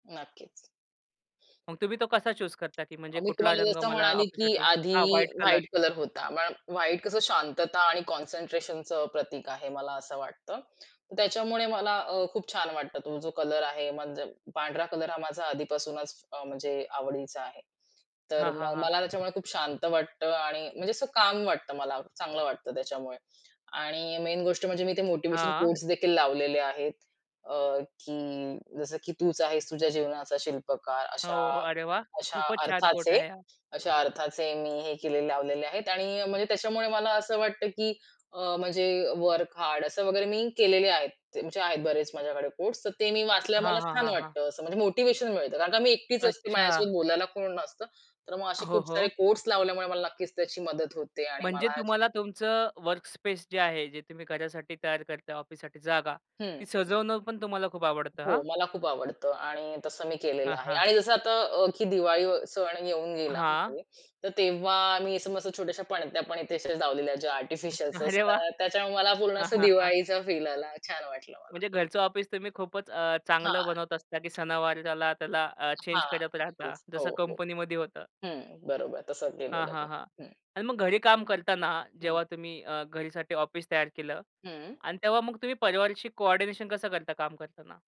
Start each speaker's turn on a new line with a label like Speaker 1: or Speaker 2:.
Speaker 1: नक्कीच.
Speaker 2: मग तुम्ही तो कसा चूज करता की म्हणजे
Speaker 1: अ, मी
Speaker 2: कुठला
Speaker 1: तुम्हाला
Speaker 2: रंग
Speaker 1: जसं
Speaker 2: मला
Speaker 1: म्हणाले की
Speaker 2: ऑफिससाठी
Speaker 1: आधी
Speaker 2: हां, व्हाईट कलर.
Speaker 1: व्हाईट कलर होता. मग व्हाईट कसं शांतता आणि कॉन्सन्ट्रेशनचं प्रतीक आहे, मला असं वाटतं. त्याच्यामुळे मला अ, खूप छान वाटतं तो जो कलर आहे, म्हणजे पांढरा कलर हा माझा आधीपासूनच अ, म्हणजे आवडीचा आहे. तर
Speaker 2: हां, हां,
Speaker 1: मग
Speaker 2: हां.
Speaker 1: मला त्याच्यामुळे खूप शांत वाटतं आणि म्हणजे असं काल्म वाटतं मला चांगलं वाटतं त्याच्यामुळे. आणि मेन गोष्ट म्हणजे मी ते मोटिव्हेशन
Speaker 2: हां.
Speaker 1: कोट्सदेखील लावलेले आहेत. अ, की जसं की "तूच आहेस तुझ्या जीवनाचा शिल्पकार" अशा
Speaker 2: हो, अरे वाह!
Speaker 1: अशा
Speaker 2: खूपच छान कोट
Speaker 1: अर्थाचे.
Speaker 2: आहे हा.
Speaker 1: अशा अर्थाचे मी हे केलेले लावलेले आहेत आणि म्हणजे त्याच्यामुळे मला असं वाटतं की अ, म्हणजे वर्क-हार्ड असं वगैरे मी केलेले आहेत. त्यांचे आहेत बरेच माझ्याकडे कोट्स तर ते मी वाचल्यावर
Speaker 2: हां,
Speaker 1: मला
Speaker 2: हां,
Speaker 1: छान
Speaker 2: हां, हां.
Speaker 1: वाटतं असं, म्हणजे मोटिव्हेशन मिळतं कारण का मी एकटीच असते.
Speaker 2: अच्छा.
Speaker 1: माझ्याशी बोलायला कोण नसतं. तर मग असे
Speaker 2: हो,
Speaker 1: खूप सारे
Speaker 2: हो.
Speaker 1: कोट्स लावल्यामुळे मला नक्कीच त्याची मदत होते आणि
Speaker 2: म्हणजे
Speaker 1: मला छा
Speaker 2: तुम्हाला तुमचं वर्कस्पेस जे आहे, जे तुम्ही घरासाठी तयार करताय ऑफिससाठी जागा.
Speaker 1: हं.
Speaker 2: ती सजवणं पण तुम्हाला खूप आवडतं हा?
Speaker 1: हो, मला खूप आवडतं आणि तसं मी केलेलं
Speaker 2: हां,
Speaker 1: आहे.
Speaker 2: हां.
Speaker 1: आणि जसं आता अ, की दिवाळी व सण येऊन गेला
Speaker 2: हां.
Speaker 1: आहे. तर तेव्हा मी असं मस्त छोट्याश्या पणत्या पण इथे अशा लावलेल्या ज्या आर्टिफिशियल्स
Speaker 2: अरे वाह!
Speaker 1: असतात त्याच्यामुळे मला पूर्ण
Speaker 2: हां,
Speaker 1: असा
Speaker 2: हां, हां.
Speaker 1: दिवाळीचा फील आला छान वाटलं मला.
Speaker 2: म्हणजे घरचं ऑफिस तुम्ही खूपच अ,
Speaker 1: हां.
Speaker 2: चांगलं बनवत असता की सणावाराला त्याला त्याला अ, चेंज
Speaker 1: हां.
Speaker 2: करत राहता,
Speaker 1: येस. हो,
Speaker 2: जसं
Speaker 1: हो.
Speaker 2: कंपनीमध्ये होतं.
Speaker 1: हं. बरोबर तसं
Speaker 2: हां,
Speaker 1: केलेलं मी.
Speaker 2: हां, हां
Speaker 1: हं.
Speaker 2: आणि मग घरी काम करताना
Speaker 1: हं.
Speaker 2: जेव्हा तुम्ही अ, घरीसाठी ऑफिस तयार केलं
Speaker 1: हं.
Speaker 2: आणि तेव्हा मग तुम्ही परिवारशी कोऑर्डिनेशन कसं करता काम करताना?